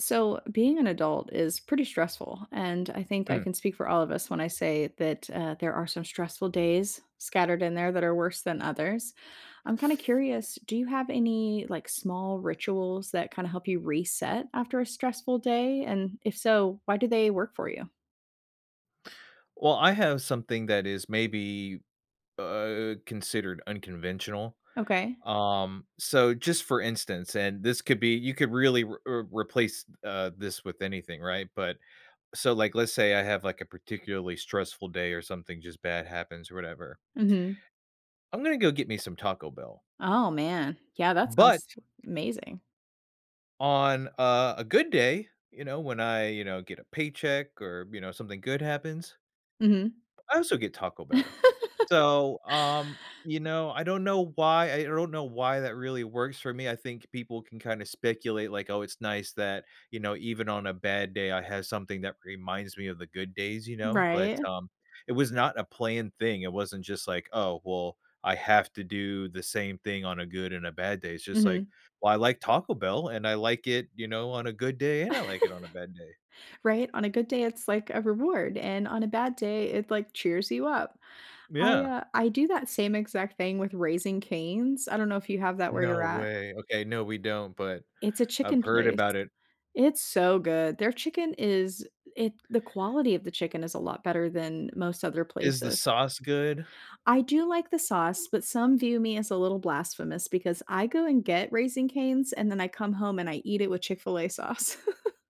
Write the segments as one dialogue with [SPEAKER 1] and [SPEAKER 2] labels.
[SPEAKER 1] So, being an adult is pretty stressful, and I think I
[SPEAKER 2] Mm.
[SPEAKER 1] can speak for all of us when I say that, uh, there are some stressful days scattered in there that are worse than others. I'm, kind of, curious, do you have any, like, small rituals that kinda help you reset after a stressful day, and if so why do they work for you?
[SPEAKER 2] Well, I have something that is maybe, uh, considered unconventional.
[SPEAKER 1] Okay.
[SPEAKER 2] Um, so, just, for instance, and this could be you could really w uh, replace, uh, this with anything, right, but so, like, let's say I have, like, a particularly stressful day or something, just, bad happens, whatever.
[SPEAKER 1] Mhm.
[SPEAKER 2] I'm gonna go get me some Taco Bell
[SPEAKER 1] Oh, man. Yeah, that
[SPEAKER 2] but
[SPEAKER 1] sounds w amazing.
[SPEAKER 2] on, uh, a good day, you know, when I, you know, get a paycheck or, you know, something good happens
[SPEAKER 1] Mhm.
[SPEAKER 2] I also get Taco Bell. So, um, you know, I don't know why, I I don't know why that really works for me. I think people can kinda speculate, like, "Oh, it's nice that, you know, even on a bad day, I have something that reminds me of the good days, you know?" but,
[SPEAKER 1] Right.
[SPEAKER 2] um, it was not a planned thing. It wasn't just, like, "Oh, well, I have to do the same thing on a good and a bad day." It's just, like,
[SPEAKER 1] Mhm.
[SPEAKER 2] "Well, I like Taco Bell and I like it, you know, on a good day and I like it on a bad day."
[SPEAKER 1] Right? On a good day, it's, like, a reward, and on a bad day, it, like, cheers you up.
[SPEAKER 2] M
[SPEAKER 1] I,
[SPEAKER 2] yeah.
[SPEAKER 1] uh, I do that same exact thing with Raising Cane's, I don't know if you have that where you're
[SPEAKER 2] No
[SPEAKER 1] at.
[SPEAKER 2] way. Okay, no, we don't, but
[SPEAKER 1] It's a
[SPEAKER 2] I've
[SPEAKER 1] chicken
[SPEAKER 2] heard
[SPEAKER 1] place.
[SPEAKER 2] about it.
[SPEAKER 1] It's so good. Their chicken is it the quality of the chicken is a lot better than most other
[SPEAKER 2] Is the
[SPEAKER 1] places.
[SPEAKER 2] sauce good?
[SPEAKER 1] I do like the sauce, but some view me as a little blasphemous, because I go and get Raising Cane's and then I come home and I eat it with Chick-fil-A sauce.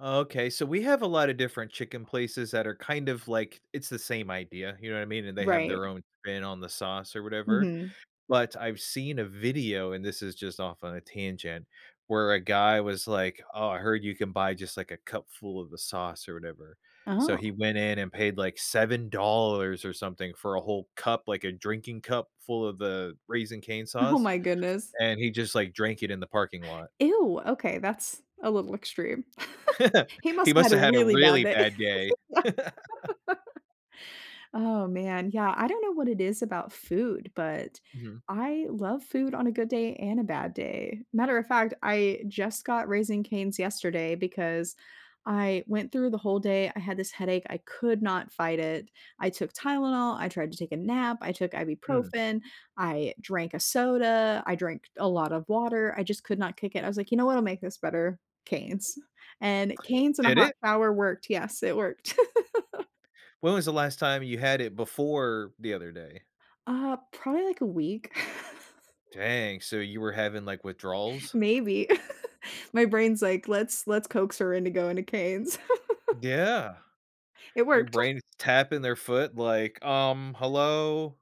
[SPEAKER 2] Okay. So we have a lot of different chicken places that are, kind of, like it's the same idea, you know what I mean, and they have
[SPEAKER 1] Right.
[SPEAKER 2] their own spin on the sauce or whatever,
[SPEAKER 1] Mhm.
[SPEAKER 2] but I've seen a video, and this is just off on a tangent where a guy was like, "Oh, I heard you can buy, just, like, a cup full of the sauce or whatever." so
[SPEAKER 1] Oh.
[SPEAKER 2] he went in and paid, like, $7 or something for a whole cup, like, a drinking cup, full of the Raising Cane's
[SPEAKER 1] Oh
[SPEAKER 2] sauce,
[SPEAKER 1] my goodness.
[SPEAKER 2] and he just, like, drank it in the parking lot.
[SPEAKER 1] Ew, okay, that's a little extreme. He
[SPEAKER 2] He
[SPEAKER 1] musta
[SPEAKER 2] must
[SPEAKER 1] had a
[SPEAKER 2] have had a
[SPEAKER 1] really bad
[SPEAKER 2] really
[SPEAKER 1] day.
[SPEAKER 2] bad day.
[SPEAKER 1] Oh, man, yeah, I don't know what it is about food, but
[SPEAKER 2] Mhm.
[SPEAKER 1] I love food on a good day and a bad day, matter of fact, I just got Raising Cane's yesterday because I went through the whole day. I had this headache, I could not fight it, I took Tylenol, I tried to take a nap, I took
[SPEAKER 2] Hmm.
[SPEAKER 1] Ibuprofen, I drank a soda, I drank a lot of water, I just could not kick it. I was like, "You know what'll make this better, Cane's?" and Cane's and a
[SPEAKER 2] Did
[SPEAKER 1] hot
[SPEAKER 2] it?
[SPEAKER 1] shower worked. Yes, it worked.
[SPEAKER 2] When was the last time you had it before the other day?
[SPEAKER 1] Ah, probably, like, a week.
[SPEAKER 2] Dang. So, you were having, like, withdrawals?
[SPEAKER 1] Maybe. My brain's like, "Let's let's coax her into going to Cane's."
[SPEAKER 2] Yeah.
[SPEAKER 1] It
[SPEAKER 2] Your
[SPEAKER 1] worked.
[SPEAKER 2] brain is tapping their foot like, "Um, hello?"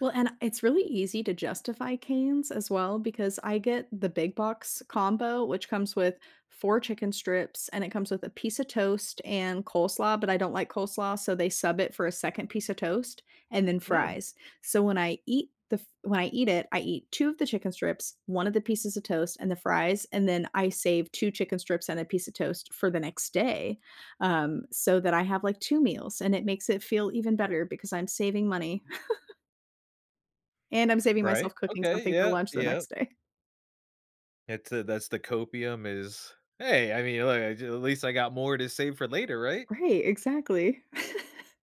[SPEAKER 1] Well, and it's really easy to justify Cane's, as well, because I get the big box combo which comes with 4 chicken strips and it comes with a piece of toast and coleslaw, but I don't like coleslaw, so they sub it for a 2nd piece of toast and then
[SPEAKER 2] Mm.
[SPEAKER 1] fries, so when I eat the f when I eat it, I eat 2 of the chicken strips, 1 of the pieces of toast and the fries, and then I save 2 chicken strips and a piece of toast for the next day, um, so that I have, like, 2 meals, and it makes it feel even better because I'm saving money. And I'm saving
[SPEAKER 2] Right.
[SPEAKER 1] myself cooking
[SPEAKER 2] Okay,
[SPEAKER 1] something for
[SPEAKER 2] yep,
[SPEAKER 1] lunch the
[SPEAKER 2] yep.
[SPEAKER 1] next day.
[SPEAKER 2] It's a That's the copium is, "Hey, I mean, look, I jus at least I got more to save for later, right?"
[SPEAKER 1] Right. Exactly.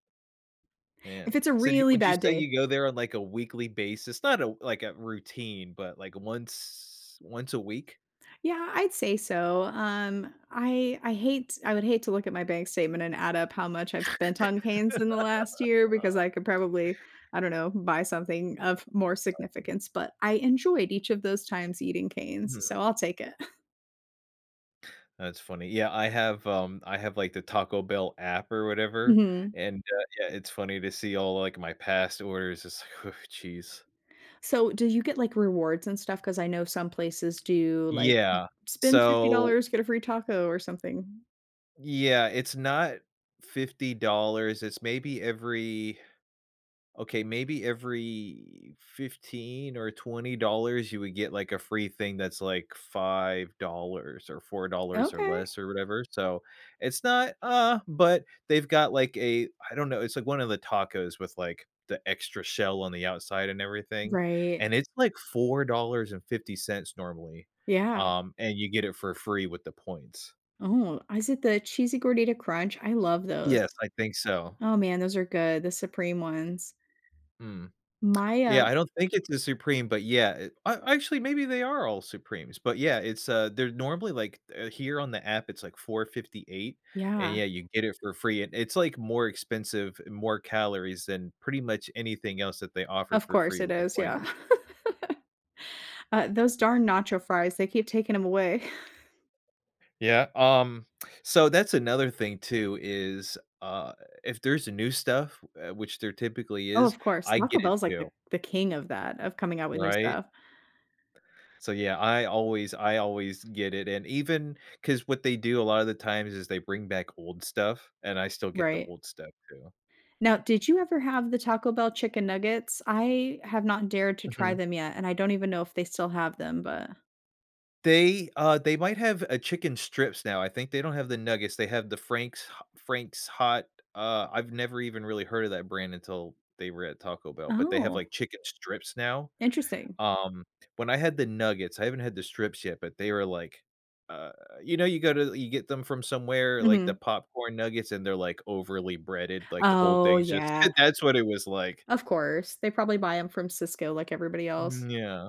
[SPEAKER 2] Man.
[SPEAKER 1] If it's a
[SPEAKER 2] So, do you
[SPEAKER 1] really
[SPEAKER 2] would you
[SPEAKER 1] bad
[SPEAKER 2] say
[SPEAKER 1] day
[SPEAKER 2] you go there on, like, a weekly basis? Not a w like, a routine, but, like, once once a week.
[SPEAKER 1] Yeah, I'd say so. Um, I I hate I would hate to look at my bank statement and add up how much I've spent on Cane's in the last year, because
[SPEAKER 2] Oh
[SPEAKER 1] I could probably, I don't know, buy something of more
[SPEAKER 2] [unintelligible]
[SPEAKER 1] significance, but I enjoyed each of those times eating
[SPEAKER 2] Mhm.
[SPEAKER 1] Cane's, so I'll take it.
[SPEAKER 2] That's funny. Yeah, I have, um I have, like, the Taco Bell app, or whatever,
[SPEAKER 1] Mhm.
[SPEAKER 2] and, uh, yeah, it's funny to see all, like, my past orders, it's like, "Oh, jeez."
[SPEAKER 1] So, do you get, like, rewards, and stuff? 'Cause I know some places do like,
[SPEAKER 2] Yeah,
[SPEAKER 1] "Spend fifty
[SPEAKER 2] so
[SPEAKER 1] dollars, get a free taco, or something."
[SPEAKER 2] Yeah, it's not $50, it's maybe every Okay, maybe every $15 or $20, you would get, like, a free thing that's, like, $5 or $4, or
[SPEAKER 1] Okay.
[SPEAKER 2] less, or whatever. So, it's not, uh but they've got, like, a I don't know, it's, like, one of the tacos with, like, the extra shell on the outside, and everything,
[SPEAKER 1] Right.
[SPEAKER 2] and it's, like, $4.50 normally,
[SPEAKER 1] Yeah.
[SPEAKER 2] um, and you get it for free with the points.
[SPEAKER 1] Oh, is it the Cheesy Gordita Crunch? I love those.
[SPEAKER 2] Yes. I think so.
[SPEAKER 1] Oh, man, those are good, the supreme ones.
[SPEAKER 2] Mm.
[SPEAKER 1] My,
[SPEAKER 2] Yeah,
[SPEAKER 1] uh
[SPEAKER 2] I don't think it's the supreme, but, yeah, it I actually, maybe they are all supremes. But, yeah, it's, uh they're normally like, uh here on the app, it's like 4.58, and
[SPEAKER 1] Yeah.
[SPEAKER 2] yeah, you get it for free, and it's, like, more expensive, and more calories, than pretty much anything else that they offer
[SPEAKER 1] Of
[SPEAKER 2] for
[SPEAKER 1] course
[SPEAKER 2] free
[SPEAKER 1] it
[SPEAKER 2] with the
[SPEAKER 1] is, yeah.
[SPEAKER 2] points.
[SPEAKER 1] Uh, those darn nacho fries, they keep taking 'em away.
[SPEAKER 2] Yeah, um, so that's another thing, too, is, uh, if there's a new stuff, uh, which there typically
[SPEAKER 1] Oh,
[SPEAKER 2] is,
[SPEAKER 1] of course.
[SPEAKER 2] I
[SPEAKER 1] Taco
[SPEAKER 2] get
[SPEAKER 1] Bell
[SPEAKER 2] it,
[SPEAKER 1] is like the
[SPEAKER 2] too.
[SPEAKER 1] the king of that of coming out with new
[SPEAKER 2] Right?
[SPEAKER 1] stuff.
[SPEAKER 2] So, yeah, I always I always get it, and even 'Cause what they do a lot of the times is they bring back old stuff, and I still get the
[SPEAKER 1] Right.
[SPEAKER 2] old stuff, too.
[SPEAKER 1] Now, did you ever have the Taco Bell chicken nuggets? I have not dared to try
[SPEAKER 2] Mhm.
[SPEAKER 1] them yet, and I don't even know if they still have them, but
[SPEAKER 2] They, uh They might have a chicken strips now. I think they don't have the nuggets. They have the Frank's Ho Frank's Hot, uh, I've never even really heard of that brand until they were at Taco Bell, but they have,
[SPEAKER 1] Oh.
[SPEAKER 2] like, chicken strips now.
[SPEAKER 1] Interesting.
[SPEAKER 2] Um, when I had the nuggets, I haven't had the strips yet, but they were like, uh you know, you go to you get them from somewhere, like the
[SPEAKER 1] Mhm.
[SPEAKER 2] popcorn nuggets, they're, like, overly breaded, like, the whole
[SPEAKER 1] Oh,
[SPEAKER 2] thing's just So,
[SPEAKER 1] yeah.
[SPEAKER 2] that's what it was like.
[SPEAKER 1] Of course. They probably buy 'em from Sysco like everybody else.
[SPEAKER 2] Mm, yeah.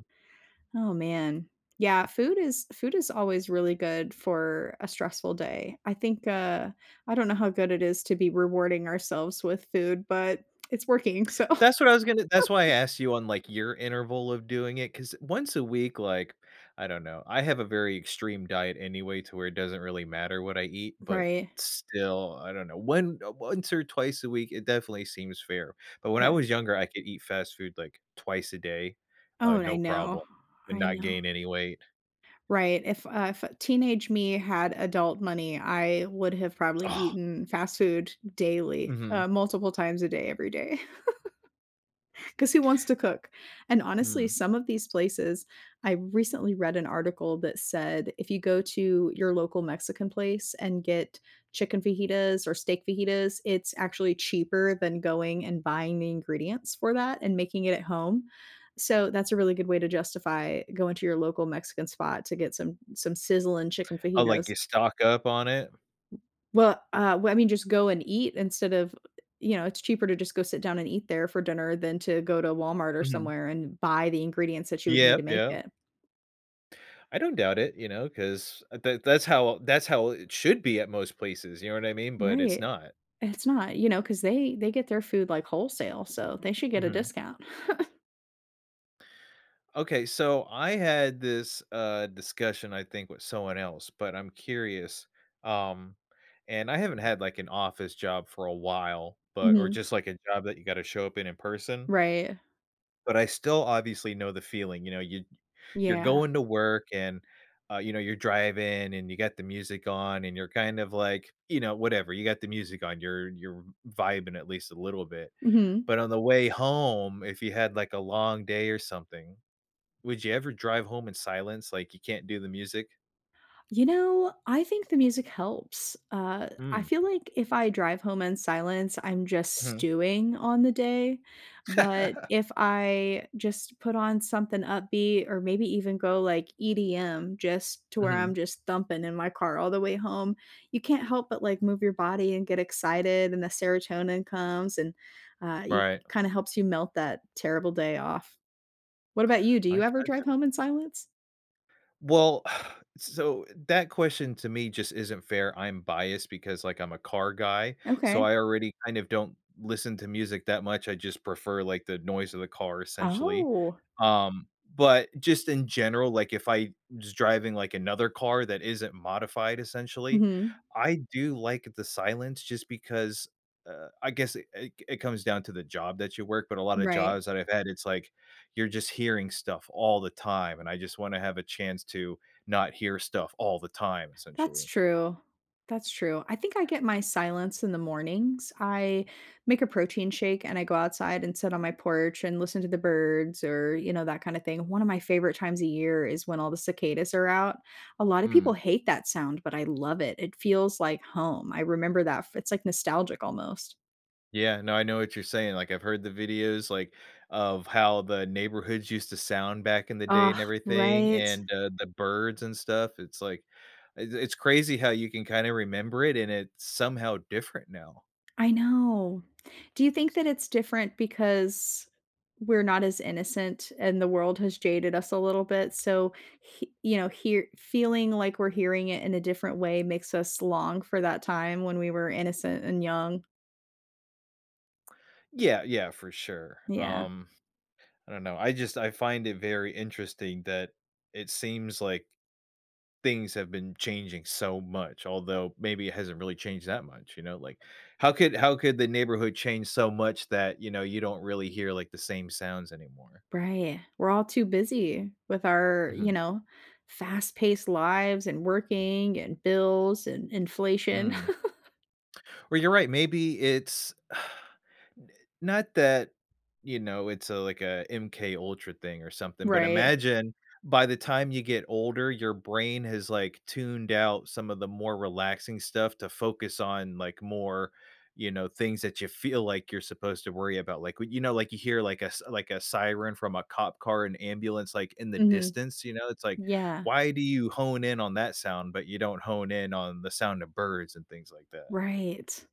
[SPEAKER 1] Oh, man. Yeah. Food is Food is always really good for a stressful day. I think, uh I don't know how good it is to be rewarding ourselves with food, but it's working, so
[SPEAKER 2] That's what I was gonna That's why I asked you on, like, your interval of doing it, 'cause once a week, like I don't know. I have a very extreme diet anyway, to where it doesn't really matter what I eat, but
[SPEAKER 1] Right.
[SPEAKER 2] still I don't know. One, uh Once, or twice, a week, it definitely seems fair. But when I
[SPEAKER 1] Yeah.
[SPEAKER 2] was younger, I could eat fast food, like, twice a day,
[SPEAKER 1] Oh,
[SPEAKER 2] uh,
[SPEAKER 1] and I
[SPEAKER 2] no
[SPEAKER 1] know.
[SPEAKER 2] problem, and
[SPEAKER 1] I
[SPEAKER 2] not
[SPEAKER 1] know.
[SPEAKER 2] gain any weight.
[SPEAKER 1] Right. If, uh If teenage me had adult money, I would have probably
[SPEAKER 2] Ugh.
[SPEAKER 1] eaten fast food daily,
[SPEAKER 2] Mhm.
[SPEAKER 1] uh, multiple times a day, every day. 'Cause who wants to cook? And honestly,
[SPEAKER 2] Mm.
[SPEAKER 1] some of these places I recently read an article that said, if you go to your local Mexican place, and get chicken fajitas, or steak fajitas, it's actually cheaper than going and buying the ingredients for that and making it at home. So, that's a really good way to justify going to your local Mexican spot to get some some sizzling chicken
[SPEAKER 2] Oh, like,
[SPEAKER 1] fajitas.
[SPEAKER 2] you stock up on it?
[SPEAKER 1] Well, uh Well, I mean, just go and eat instead of you know, it's cheaper to just go sit down and eat there for dinner than to go to Walmart or
[SPEAKER 2] Mhm.
[SPEAKER 1] somewhere and buy the ingredients that you would need
[SPEAKER 2] Yep.
[SPEAKER 1] to make
[SPEAKER 2] Yep.
[SPEAKER 1] it.
[SPEAKER 2] I don't doubt it, you know, 'cause, uh, that that's how that's how it should be at most places. You know what I mean? But it's
[SPEAKER 1] Right.
[SPEAKER 2] not.
[SPEAKER 1] It's not, you know, 'cause they they get their food, like, wholesale, so they should get a
[SPEAKER 2] Mhm.
[SPEAKER 1] discount.
[SPEAKER 2] Okay. So I had this, uh, discussion, I think, with someone else, but I'm curious, um and I haven't had, like, an office job for a while, but or
[SPEAKER 1] Mhm.
[SPEAKER 2] just, like, a job that you gotta show up in in person
[SPEAKER 1] Right.
[SPEAKER 2] but I still obviously know the feeling, you know, you'd you're
[SPEAKER 1] Yeah.
[SPEAKER 2] going to work and, uh, you know, you're driving and you got the music on and you're kind of like, you know, whatever, you got the music on, you're you're vibing at least a little bit,
[SPEAKER 1] Mhm.
[SPEAKER 2] but on the way home, if you had, like, a long day or something, would you ever drive home in silence, like, you can't do the music?
[SPEAKER 1] You know, I think the music helps, uh, I
[SPEAKER 2] Mm.
[SPEAKER 1] feel like if I drive home in silence, I'm just
[SPEAKER 2] Mhm.
[SPEAKER 1] stewing on the day, but if I just put on something upbeat or maybe even go like EDM just to where
[SPEAKER 2] Mhm.
[SPEAKER 1] I'm just thumping in my car all the way home, you can't help but, like, move your body and get excited and the serotonin comes and, uh, you
[SPEAKER 2] Right.
[SPEAKER 1] kinda helps you melt that terrible day off. What about you? Do
[SPEAKER 2] I
[SPEAKER 1] you ever
[SPEAKER 2] gotcha.
[SPEAKER 1] drive home in silence?
[SPEAKER 2] Well, so, that question to me just isn't fair, I'm biased because, like, I'm a car guy, so
[SPEAKER 1] Okay.
[SPEAKER 2] I already kind of don't listen to music that much, I just prefer, like, the noise of the car essentially,
[SPEAKER 1] Oh.
[SPEAKER 2] um, but just in general, like if I just driving, like, another car that isn't modified, essentially,
[SPEAKER 1] Mhm.
[SPEAKER 2] I do like the silence just because, uh, I guess it c it comes down to the job that you work, but a lot of
[SPEAKER 1] Right.
[SPEAKER 2] jobs that I've had, it's like you're just hearing stuff all the time and I just wanna have a chance to not hear stuff all the time,
[SPEAKER 1] That's
[SPEAKER 2] essentially.
[SPEAKER 1] true, that's true. I think I get my silence in the mornings. I make a protein shake and I go outside and sit on my porch and listen to the birds or, you know, that kinda thing. One of my favorite times a year is when all the cicadas are out. A lotta people
[SPEAKER 2] Mm.
[SPEAKER 1] hate that sound, but I love it, it feels like home. I remember that f It's, like, nostalgic almost.
[SPEAKER 2] Yeah, no, I know what you're saying. Like, I've heard the videos, like, of how the neighborhoods used to sound back in the day
[SPEAKER 1] Ugh,
[SPEAKER 2] and everything
[SPEAKER 1] right?
[SPEAKER 2] and, uh, the birds and stuff, it's like uh, it's crazy how you can kinda remember it, and it's somehow different now.
[SPEAKER 1] I know. Do you think that it's different because we're not as innocent, and the world has jaded us a little bit? So, he you know, hear feeling like we're hearing it in a different way makes us long for that time when we were innocent and young.
[SPEAKER 2] Yeah, yeah, for sure,
[SPEAKER 1] Yeah.
[SPEAKER 2] um, I don't know, I just I find it very interesting that it seems like things have been changing so much, although maybe it hasn't really changed that much, you know? Like, how could how could the neighborhood change so much that, you know, you don't really hear, like, the same sounds anymore?
[SPEAKER 1] Right. We're all too busy with our, you
[SPEAKER 2] Mhm.
[SPEAKER 1] know, fast paced lives and working and bills and inflation.
[SPEAKER 2] Mm. Well, you're right, maybe it's n not that, you know, it's a like, a MK Ultra thing or something, but
[SPEAKER 1] Right.
[SPEAKER 2] imagine by the time you get older, your brain has, like, tuned out some of the more relaxing stuff to focus on, like, more, you know, things that ya feel like you're supposed to worry about. Like, when you know, like, w you hear, like, a s like, a siren from a cop car, an ambulance, like, in the
[SPEAKER 1] Mhm,
[SPEAKER 2] distance, you know, it's like,
[SPEAKER 1] yeah.
[SPEAKER 2] why do you hone in on that sound but you don't hone in on the sound of birds and things like that?
[SPEAKER 1] Right.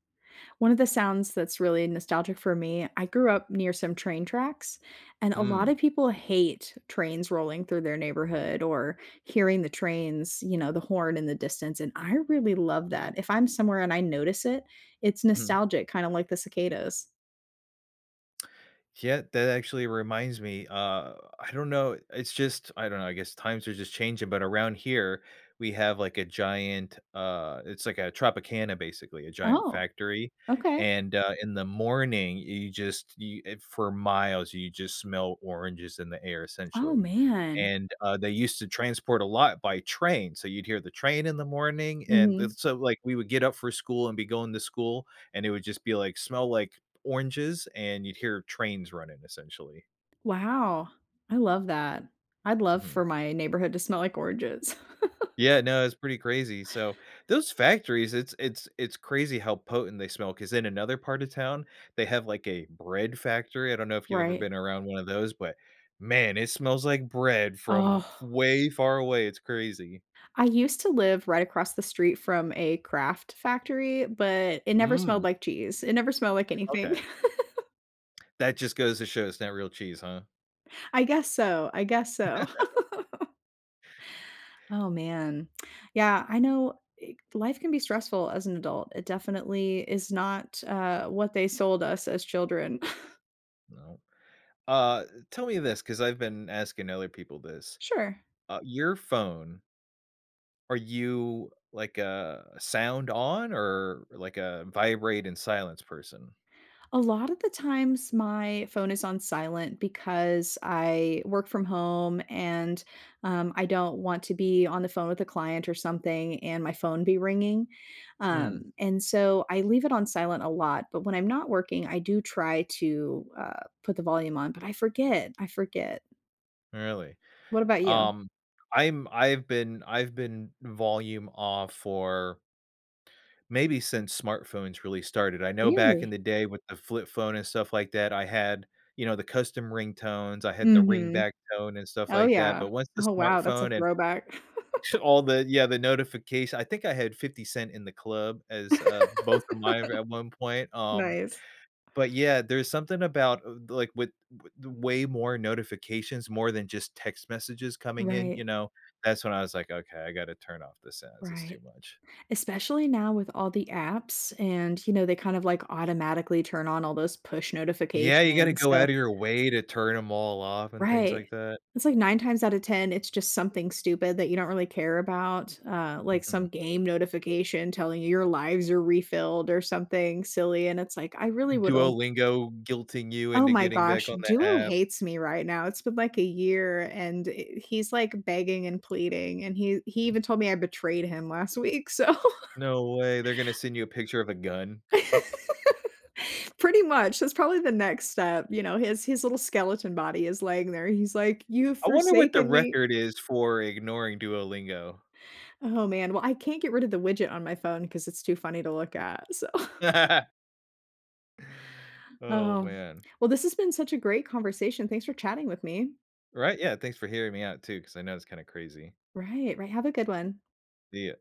[SPEAKER 1] One of the sounds that's really nostalgic for me- I grew up near some train tracks, and a lot of
[SPEAKER 2] Mm.
[SPEAKER 1] people hate trains rolling through their neighborhood or hearing the trains you know, the horn in the distance, and I really love that. If I'm somewhere and I notice it, it's
[SPEAKER 2] Mhm.
[SPEAKER 1] nostalgic, kinda like the cicadas.
[SPEAKER 2] Yeah, that actually reminds me, uh, I don't know, it's just I don't know, I guess times are just changing, but around here, we have, like, a giant, uh it's like a Tropicana, basically, a giant
[SPEAKER 1] Oh,
[SPEAKER 2] factory,
[SPEAKER 1] okay.
[SPEAKER 2] and, uh, in the morning, you just you if for miles, just smell oranges in the air
[SPEAKER 1] Oh,
[SPEAKER 2] essentially,
[SPEAKER 1] man.
[SPEAKER 2] and, uh, they used to transport a lot by train, so you'd hear the train in the morning and
[SPEAKER 1] Mhm.
[SPEAKER 2] it's so like, we would get up for school and be going to school and it would just be, like, smell like oranges, and you'd hear trains running essentially.
[SPEAKER 1] Wow. I love that. I'd love
[SPEAKER 2] Mhm.
[SPEAKER 1] for my neighborhood to smell like oranges.
[SPEAKER 2] Yeah, no, it's pretty crazy. So, those factories, is it's it's it's crazy how potent they smell ‘cause in another part of town, they have, like, a bread factory. I don't know if you've ever
[SPEAKER 1] Right.
[SPEAKER 2] been around one of those, but, man, it smells like bread from
[SPEAKER 1] Ugh.
[SPEAKER 2] f way far away, it's crazy.
[SPEAKER 1] I used to live right across the street from a Kraft factory, but it never smelled
[SPEAKER 2] Mm.
[SPEAKER 1] like cheese. It never smelled like anything.
[SPEAKER 2] Okay. That just goes to show it's not real cheese, huh.
[SPEAKER 1] I guess so. I guess so. Oh man. Yeah. I know i life can be stressful as an adult. It definitely is not, uh, what they sold us as children.
[SPEAKER 2] No. Uh, tell me this, 'cause I've been asking other people this,
[SPEAKER 1] Sure.
[SPEAKER 2] uh, your phone Are you, like, a sound on, or, like, a vibrate and silence person?
[SPEAKER 1] A lot of the times my phone is on silent because I work from home and, um, I don't want to be on the phone with a client or something and my phone be ringing.
[SPEAKER 2] Mm.
[SPEAKER 1] Um, and so, I leave it on silent a lot. But when I'm not working, I do try to, uh, put the volume on, but I forget. I forget.
[SPEAKER 2] Really?
[SPEAKER 1] What about you?
[SPEAKER 2] Um, I'm I've been I've been "volume off" for maybe since smartphones really started. I know back in
[SPEAKER 1] Really?
[SPEAKER 2] the day with the flip phone and stuff like that, I had, you know, the custom ringtones. I had the ring
[SPEAKER 1] Mhm.
[SPEAKER 2] back tone and stuff
[SPEAKER 1] Oh,
[SPEAKER 2] like that.
[SPEAKER 1] yeah.
[SPEAKER 2] But once the
[SPEAKER 1] Oh, wow. That's a
[SPEAKER 2] smartphone and
[SPEAKER 1] throwback.
[SPEAKER 2] sh all the yeah, the notificat I think I had 50 Cent In Da Club as, uh, both of mine at one point. Um,
[SPEAKER 1] Nice.
[SPEAKER 2] but, yeah, there's something about, uh, the like, with with the way more notifications, more than just text messages coming in,
[SPEAKER 1] Right.
[SPEAKER 2] you know, that's when I was like, "Okay, I gotta turn off the sounds. It's too
[SPEAKER 1] Right.
[SPEAKER 2] much."
[SPEAKER 1] Especially now with all the apps and, you know, they kind of like automatically turn on all those push
[SPEAKER 2] Yeah. You gotta
[SPEAKER 1] notifications,
[SPEAKER 2] go
[SPEAKER 1] so
[SPEAKER 2] outta your way to turn 'em all off and things
[SPEAKER 1] Right.
[SPEAKER 2] like that.
[SPEAKER 1] It's like 9 times out of 10, it's just something stupid that you don't really care about, uh, like
[SPEAKER 2] Mhm.
[SPEAKER 1] some game notification telling you, "Your lives are refilled," or something silly, and it's like, "I really wouldn't"
[SPEAKER 2] Duolingo guilting you
[SPEAKER 1] Oh,
[SPEAKER 2] into
[SPEAKER 1] my
[SPEAKER 2] getting back
[SPEAKER 1] gosh!
[SPEAKER 2] on the
[SPEAKER 1] Duo
[SPEAKER 2] app.
[SPEAKER 1] hates me right now. It's been like a year, and i he's like begging and pleading. And he he even told me I betrayed him last week, so
[SPEAKER 2] No way, they're gonna send you a picture of a gun.
[SPEAKER 1] Pretty much, that's probably the next step. You know, his his little skeleton body is laying there. He's like, "You've
[SPEAKER 2] I wonder what the
[SPEAKER 1] forsaken me."
[SPEAKER 2] record is for ignoring Duolingo.
[SPEAKER 1] Oh, man. Well, I can't get rid of the widget on my phone 'cause it's too funny to look at, so
[SPEAKER 2] Oh,
[SPEAKER 1] Oh.
[SPEAKER 2] man.
[SPEAKER 1] Well, this has been such a great conversation. Thanks for chatting with me.
[SPEAKER 2] Right. Yeah. Thanks for hearing me out too 'cause I know it's kinda crazy.
[SPEAKER 1] Right, right. Have a good one.
[SPEAKER 2] See ya.